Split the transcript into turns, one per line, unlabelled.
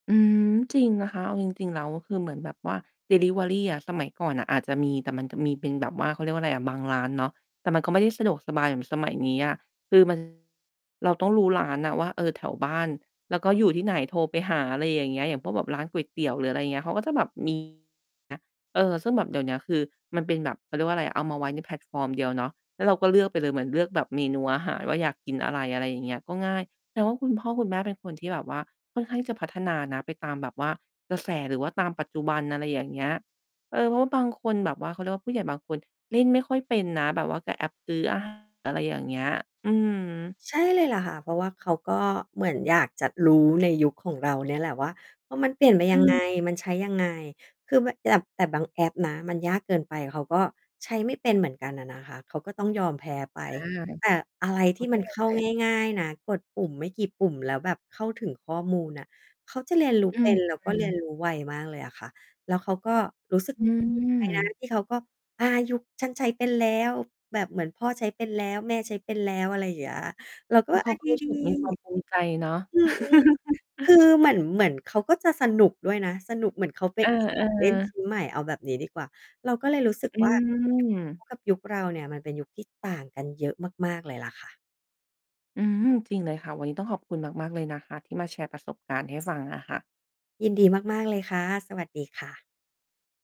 อืม จริงนะคะ เอาจริง ๆ แล้วคือเหมือนแบบว่าดิลิเวอรีอะ สมัยก่อนน่ะอาจจะมี แต่มันจะมีเป็นแบบว่า เขาเรียกว่าไรอะ บางร้านเนาะ แต่มันก็ไม่ได้สะดวกสบายเหมือนสมัยนี้อะ คือ มัน เราต้องรู้ร้านน่ะว่า เออ แถวบ้าน แล้วก็อยู่ที่ไหน โทรไปหา อะไรอย่างเงี้ย อย่างพวกแบบร้านก๋วยเตี๋ยว หรืออะไรเงี้ย เขาก็จะแบบ มี เงี้ย เออ ซึ่งแบบเดี๋ยวเนี้ยคือมันเป็นแบบ เขาเรียกว่าไรอะ เอามาไว้ในแพลตฟอร์มเดียวเนาะ แล้วเราก็เลือกไปเลย เหมือนเลือกแบบเมนูอาหารว่า อยากกินอะไร อะไรอย่างเงี้ย ก็ง่าย แสดงว่า คุณพ่อคุณแม่เป็นคนที่แบบว่าค่อนข้างจะพัฒนานะไปตามแบบว่ากระแสหรือว่าตามปัจจุบัน อะไรอย่างเงี้ย เออ เพราะบางคนแบบว่า เขาเรียกว่า ผู้ใหญ่บางคน เล่นไม่ค่อยเป็นนะ แบบว่ากับแอปซื้อ อาหาร อะไรอย่างเงี้ย อืม
ใช่เลยแหละค่ะ เพราะว่าเขาก็เหมือนอยากจะ รู้ในยุคของเราเนี่ยแหละว่า ว่า มันเปลี่ยนไป
อื
ยังไง
ม
มันใช้ยังไง คือม่ะ แบบ แต่บางแอปนะมันยากเกินไป เขาก็ใช้ไม่เป็นเหมือนกันน่ะนะคะ เขาก็ต้องยอมแพ้ไป
ค่ะ
แต่อะไร
เข
ท
้
ี
า
่
ใ
ม
จ
ันเข้
เ
า
ลย
ง่าย ๆ นะ กดปุ่มไม่กี่ปุ่มแล้วแบบเข้าถึงข้อมูลน่ะ เขาจะเรียนรู้
อื
เ
้
ป
อ
็น แล้ว
ฮ
ก็
ื
เรีย
อ
นรู้ไวมากเลยอะค่ะ แล้วเขาก็รู้สึก
อื
ใจนะ
ม
ที่เขาก็ อ่า ยุค ฉันใช้เป็นแล้ว แบบเหมือนพ่อใช้เป็นแล้ว แม่ใช้เป็นแล้ว อะไรเงี้ย เราก็
แล้วเข
อ
า
า
ก็
ด
รู้ส
ี
ึกมีความภู
ๆ
มิใจ เนาะ
อืม คือเหมือน เหมือนเขาก็จะสนุกด้วยนะ สนุก เหมือนเขา ไป
เออ
มีของเล่น ช
ๆ
ิ้นใหม่ เอาแบบนี้ดีกว่า เราก็เลยรู้สึก
อื
ว่า ยุคเข
ม
า กับยุคเราเนี่ยมันเป็นยุคที่ต่างกันเยอะมาก ๆ เลยแหละค่ะ
อืม จริงเลยค่ะ วันนี้ต้องขอบคุณมาก ๆ เลยนะคะที่มาแชร์ประสบการณ์ให้ฟัง อะค่ะ
ยินดีมาก ๆ เลยค่ะ สวัสดีค่ะ